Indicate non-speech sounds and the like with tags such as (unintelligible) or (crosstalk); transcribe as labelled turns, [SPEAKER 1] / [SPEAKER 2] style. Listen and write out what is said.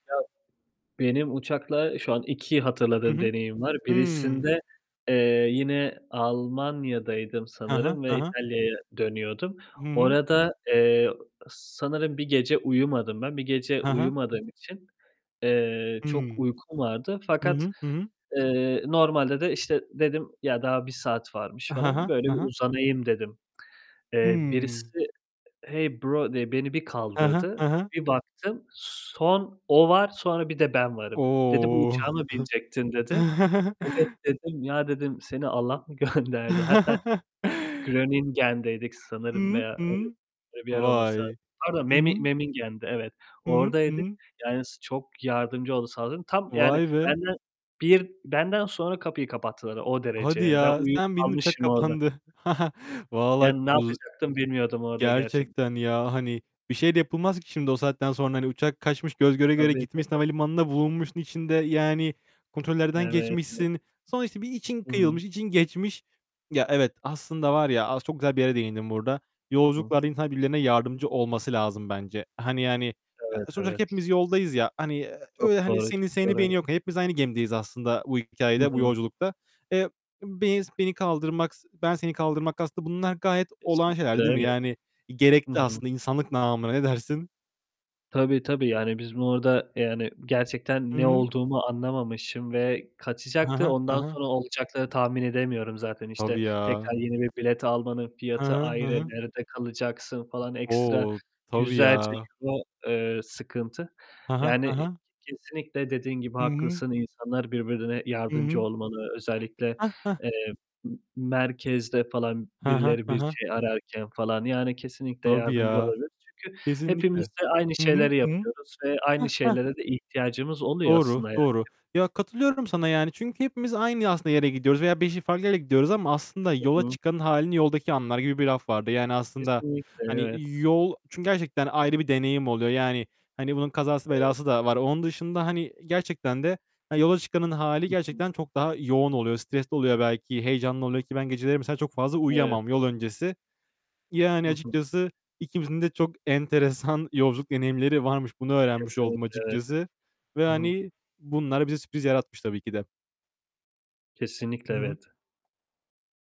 [SPEAKER 1] Evet. Benim uçakla şu an 2
[SPEAKER 2] Hı
[SPEAKER 1] hatırladığım
[SPEAKER 2] hı.
[SPEAKER 1] deneyim var.
[SPEAKER 2] Hı.
[SPEAKER 1] Birisinde, eee, yine Almanya'daydım
[SPEAKER 2] Hı hı.
[SPEAKER 1] sanırım
[SPEAKER 2] Hı
[SPEAKER 1] ve
[SPEAKER 2] hı.
[SPEAKER 1] İtalya'ya dönüyordum.
[SPEAKER 2] Hı hı.
[SPEAKER 1] Orada, eee, ı sanırım 1 gece uyumadım ben. 1 gece
[SPEAKER 2] Hı hı.
[SPEAKER 1] uyumadığım için, eee, çok
[SPEAKER 2] Hımm.
[SPEAKER 1] uykum vardı
[SPEAKER 2] Hı
[SPEAKER 1] fakat,
[SPEAKER 2] hı. Hı hı.
[SPEAKER 1] eee, normalde de işte dedim ya "Daha 1 saat varmış."
[SPEAKER 2] Ha
[SPEAKER 1] falan,
[SPEAKER 2] ha.
[SPEAKER 1] böyle
[SPEAKER 2] Ha
[SPEAKER 1] bir
[SPEAKER 2] ha.
[SPEAKER 1] uzanayım dedim. Eee,
[SPEAKER 2] Hımm.
[SPEAKER 1] birisi "Hey bro" diye beni bir
[SPEAKER 2] Hı hı. Hı
[SPEAKER 1] kaldırdı.
[SPEAKER 2] hı.
[SPEAKER 1] Bir baktım, son o var, sonra bir de ben varım. Dedi "Bu
[SPEAKER 2] O!
[SPEAKER 1] uçağa mı binecektin?" dedi.
[SPEAKER 2] (giggles)
[SPEAKER 1] "Evet,"
[SPEAKER 2] (chuckles)
[SPEAKER 1] dedim, "Ya," dedim, "Seni Allah mı gönderdi?" Hatta
[SPEAKER 2] (chuckles)
[SPEAKER 1] Groningen'deydik
[SPEAKER 2] Hı
[SPEAKER 1] sanırım
[SPEAKER 2] hı.
[SPEAKER 1] veya
[SPEAKER 2] Hı hı.
[SPEAKER 1] öyle bir yer olması lazım.
[SPEAKER 2] Vay,
[SPEAKER 1] Pardon,
[SPEAKER 2] Hı hı.
[SPEAKER 1] Memin Memmingen'de, evet,
[SPEAKER 2] Hı
[SPEAKER 1] oradaydık.
[SPEAKER 2] hı.
[SPEAKER 1] Yani s çok yardımcı oldu. (unintelligible) Tam yani
[SPEAKER 2] Vay be.
[SPEAKER 1] benden bir benden sonra kapıyı kapattılar o derece
[SPEAKER 2] Hadi
[SPEAKER 1] yani. Ben
[SPEAKER 2] ya,
[SPEAKER 1] uyuyup
[SPEAKER 2] sen bindin, uçak
[SPEAKER 1] kalmışım orada.
[SPEAKER 2] kapandı. (chuckles) Vallahi
[SPEAKER 1] Yani ne
[SPEAKER 2] uz
[SPEAKER 1] yapacaktım bilmiyordum orada gerçekten.
[SPEAKER 2] gerçekten ya hani bir şey de yapılmaz ki şimdi o saatten sonra. Hani uçak kaçmış, göz göre göre
[SPEAKER 1] Tabii,
[SPEAKER 2] gitmiş,
[SPEAKER 1] tabii.
[SPEAKER 2] havalimanına bulunmuşsun içinde, yani kontrollerden
[SPEAKER 1] Evet, (unintelligible)
[SPEAKER 2] geçmişsin. Sonra işte bir için
[SPEAKER 1] Hı hı.
[SPEAKER 2] kıyılmış, için geçmiş. Ya evet, aslında var ya, as çok güzel bir yere değindin burada.
[SPEAKER 1] Hı hı.
[SPEAKER 2] Yolculuklarda insan birbirlerine yardımcı olması lazım bence. Hani yani,
[SPEAKER 1] Evet,
[SPEAKER 2] a sonuçta
[SPEAKER 1] evet.
[SPEAKER 2] hepimiz yoldayız ya, hani
[SPEAKER 1] Çok
[SPEAKER 2] öyle hani
[SPEAKER 1] doğru,
[SPEAKER 2] seni
[SPEAKER 1] çok
[SPEAKER 2] seni
[SPEAKER 1] doğru.
[SPEAKER 2] beni
[SPEAKER 1] Evet.
[SPEAKER 2] yok. Hepimiz aynı gemideyiz aslında bu
[SPEAKER 1] Hı
[SPEAKER 2] hikâyede, bu
[SPEAKER 1] hı.
[SPEAKER 2] yolculukta. Eee, beni s beni kaldırmak, ben seni kaldırmak aslında bunlar gayet olağan şeyler,
[SPEAKER 1] Kesinlikle
[SPEAKER 2] değil mi?
[SPEAKER 1] evet.
[SPEAKER 2] Yani
[SPEAKER 1] Hı
[SPEAKER 2] gerekli
[SPEAKER 1] hı.
[SPEAKER 2] aslında insanlık namına. Ne dersin?
[SPEAKER 1] Tabii tabii. Yani biz bu arada yani gerçekten
[SPEAKER 2] Hı
[SPEAKER 1] ne
[SPEAKER 2] hı.
[SPEAKER 1] olduğumu anlamamışım ve
[SPEAKER 2] Hı
[SPEAKER 1] kaçacaktı,
[SPEAKER 2] hı. Hı
[SPEAKER 1] ondan
[SPEAKER 2] hı.
[SPEAKER 1] sonra olacakları tahmin edemiyorum zaten. İşte
[SPEAKER 2] Tabii ya.
[SPEAKER 1] tekrar yeni 1 bilet almanın
[SPEAKER 2] Hı
[SPEAKER 1] fiyatı
[SPEAKER 2] hı. Hı
[SPEAKER 1] ayrı,
[SPEAKER 2] hı.
[SPEAKER 1] nerede kalacaksın falan, ekstra
[SPEAKER 2] O, tabii
[SPEAKER 1] yüzlerce
[SPEAKER 2] ya.
[SPEAKER 1] euro, eee, sıkıntı.
[SPEAKER 2] Hı hı, hı
[SPEAKER 1] Yani
[SPEAKER 2] hı.
[SPEAKER 1] kesinlikle dediğin gibi
[SPEAKER 2] Hı hı.
[SPEAKER 1] haklısın, insanlar birbirine
[SPEAKER 2] Hı
[SPEAKER 1] yardımcı
[SPEAKER 2] hı.
[SPEAKER 1] olmalı. Özellikle,
[SPEAKER 2] Hah, hah.
[SPEAKER 1] eee, m merkezde falan
[SPEAKER 2] Hı hı.
[SPEAKER 1] birileri
[SPEAKER 2] Hı
[SPEAKER 1] bir
[SPEAKER 2] hı.
[SPEAKER 1] şey ararken falan yani kesinlikle
[SPEAKER 2] Tabii
[SPEAKER 1] yardımcı
[SPEAKER 2] ya.
[SPEAKER 1] olabiliriz çünkü hepimiz
[SPEAKER 2] Kesinlikle.
[SPEAKER 1] de aynı
[SPEAKER 2] Hı hı.
[SPEAKER 1] şeyleri
[SPEAKER 2] Hı hı.
[SPEAKER 1] yapıyoruz ve aynı
[SPEAKER 2] Hah, hah.
[SPEAKER 1] şeylere de ihtiyacımız oluyor
[SPEAKER 2] Doğru.
[SPEAKER 1] aslında yani.
[SPEAKER 2] Doğru. Ya katılıyorum sana yani çünkü hepimiz aynı aslında yere gidiyoruz veya 5'i farklı yere gidiyoruz ama aslında
[SPEAKER 1] Hı
[SPEAKER 2] yola
[SPEAKER 1] hı.
[SPEAKER 2] hâlini yoldaki anlar gibi bir laf vardı. Yani aslında
[SPEAKER 1] Kesinlikle.
[SPEAKER 2] hani
[SPEAKER 1] Evet.
[SPEAKER 2] yol çünkü gerçekten ayrı bir deneyim oluyor. Yani hani bunun kazası
[SPEAKER 1] Evet,
[SPEAKER 2] belası
[SPEAKER 1] evet.
[SPEAKER 2] da var. Onun dışında hani gerçekten de hani yola çıkanın hâli
[SPEAKER 1] Hı hı.
[SPEAKER 2] gerçekten çok daha yoğun oluyor. Stresli oluyor belki, heyecanlı oluyor ki ben geceleri mesela çok fazla
[SPEAKER 1] Evet,
[SPEAKER 2] uyuyamam
[SPEAKER 1] evet.
[SPEAKER 2] yol öncesi. Yani
[SPEAKER 1] Hı hı.
[SPEAKER 2] açıkçası ikimizin de çok enteresan yolculuk deneyimleri varmış. Bunu öğrenmiş oldum
[SPEAKER 1] Kesinlikle evet.
[SPEAKER 2] açıkçası ve
[SPEAKER 1] Hı hı.
[SPEAKER 2] hani bunlar bize sürpriz yaratmış tabii ki de.
[SPEAKER 1] Kesinlikle
[SPEAKER 2] Hı hı.
[SPEAKER 1] evet.